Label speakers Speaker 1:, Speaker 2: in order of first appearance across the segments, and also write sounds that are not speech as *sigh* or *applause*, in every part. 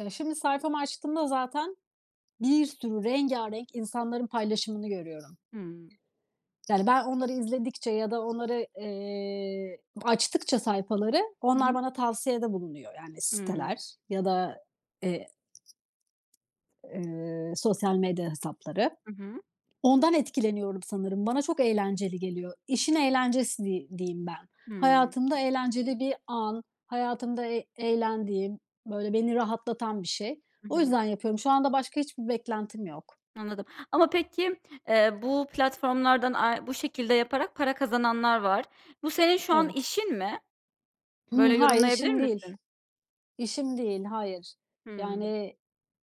Speaker 1: Eee, şimdi sayfamı açtığımda zaten bir sürü rengarenk insanların paylaşımını görüyorum.
Speaker 2: Hımm.
Speaker 1: Yani ben onları izledikçe ya da onları, eee, açtıkça sayfaları,
Speaker 2: I
Speaker 1: onlar
Speaker 2: hı.
Speaker 1: bana tavsiyede bulunuyor. Yani
Speaker 2: Hımm.
Speaker 1: siteler ya da, eee, eee, sosyal medya hesapları.
Speaker 2: Hı hı.
Speaker 1: Ondan etkileniyorum sanırım. Bana çok eğlenceli geliyor. İşin eğlencesi di diyeyim ben.
Speaker 2: Hımm.
Speaker 1: Hayatımda eğlenceli bir an, hayatımda e eğlendiğim, böyle beni rahatlatan bir şey.
Speaker 2: I
Speaker 1: O
Speaker 2: hı.
Speaker 1: yüzden yapıyorum. Şu anda başka hiçbir beklentim yok.
Speaker 2: Anladım ama peki, eee, bu platformlardan ay bu şekilde yaparak para kazananlar var. Bu senin şu an
Speaker 1: Evet.
Speaker 2: işin mi?
Speaker 1: Hımm.
Speaker 2: Böyle
Speaker 1: Hayır,
Speaker 2: yorumlayabilir
Speaker 1: işim değil.
Speaker 2: misin?
Speaker 1: İşim değil. Hayır.
Speaker 2: Hımm.
Speaker 1: Yani,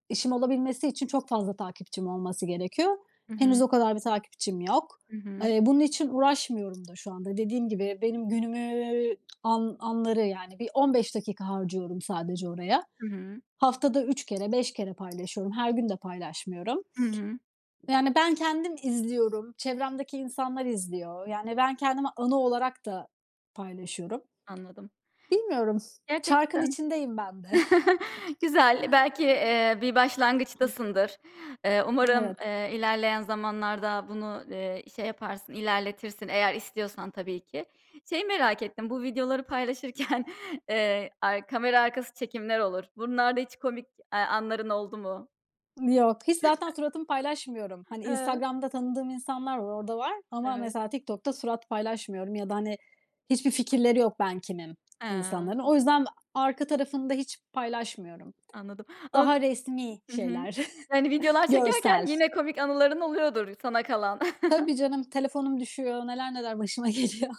Speaker 1: işim olabilmesi için çok fazla takipçim olması gerekiyor.
Speaker 2: Hı
Speaker 1: Henüz
Speaker 2: hı.
Speaker 1: o kadar bir takipçim yok.
Speaker 2: Hı hı.
Speaker 1: Eee, bunun için uğraşmıyorum da şu anda. Dediğim gibi, benim günümü, an anları, yani, bir 15 dakika harcıyorum sadece oraya.
Speaker 2: I hı.
Speaker 1: Haftada 3-5 kere paylaşıyorum. Her gün de paylaşmıyorum
Speaker 2: Hı hı.
Speaker 1: ve, yani, ben kendim izliyorum. Çevremdeki insanlar izliyor. Yani, ben kendimi anı olarak da paylaşıyorum.
Speaker 2: Anladım.
Speaker 1: Bilmiyorum. Çarkın
Speaker 2: Gerçekten.
Speaker 1: içindeyim ben de.
Speaker 2: *chuckles*
Speaker 1: *chuckles*
Speaker 2: Güzel. Belki bir, eee, başlangıçtasındır. Eee, umarım,
Speaker 1: Evet.
Speaker 2: eee, ilerleyen zamanlarda bunu, eee, şey yaparsın, ilerletirsin. Eğer istiyorsan tabii ki. Şeyi merak ettim. Bu videoları paylaşırken, *chuckles* eee, ar kamera arkası çekimler olur. Bunlarda hiç komik, eee, anların oldu mu?
Speaker 1: Yok, hiç. Zaten
Speaker 2: *chuckles*
Speaker 1: suratımı paylaşmıyorum. Hani,
Speaker 2: He.
Speaker 1: Instagram'da tanıdığım insanlar var, orada var ama
Speaker 2: Evet.
Speaker 1: mesela TikTok'ta surat paylaşmıyorum ya da, hani, hiçbir fikirleri yok ben kimim insanların.
Speaker 2: He.
Speaker 1: O yüzden arka tarafını da hiç paylaşmıyorum.
Speaker 2: Anladım, ma
Speaker 1: Daha resmî
Speaker 2: Hı hı,
Speaker 1: şeyler,
Speaker 2: yani videolar
Speaker 1: görsel.
Speaker 2: çekerken yine komik anıların oluyordur sana kalan.
Speaker 1: Tabii
Speaker 2: *chuckles*
Speaker 1: canım, telefonum düşüyor. Neler neler başıma geliyor.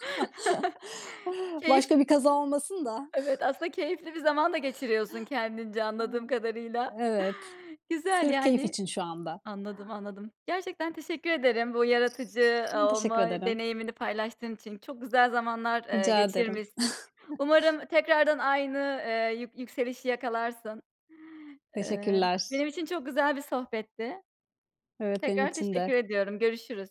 Speaker 1: *chuckles*
Speaker 2: *chuckles* Keyif
Speaker 1: Başka bir kaza olmasın da.
Speaker 2: Evet, aslında keyifli bir zaman da geçiriyorsun kendince, anladığım
Speaker 1: Aaa,
Speaker 2: kadarıyla.
Speaker 1: evet.
Speaker 2: *chuckles* Güzel
Speaker 1: Sırf keyif
Speaker 2: yani.
Speaker 1: için şu anda.
Speaker 2: Anladım, anladım. Gerçekten teşekkür ederim bu yaratıcı
Speaker 1: Teşekkür
Speaker 2: olma
Speaker 1: ederim.
Speaker 2: deneyimini paylaştığın için. Çok güzel zamanlar, eee,
Speaker 1: Rica ederim.
Speaker 2: geçirmişsin. Umarım
Speaker 1: *chuckles*
Speaker 2: tekrardan aynı, eee, yük yükselişi yakalarsın. Eee,
Speaker 1: Teşekkürler.
Speaker 2: benim için çok güzel bir sohbetti.
Speaker 1: Evet, benim
Speaker 2: Tekrar
Speaker 1: için
Speaker 2: teşekkür
Speaker 1: de.
Speaker 2: ediyorum. Görüşürüz.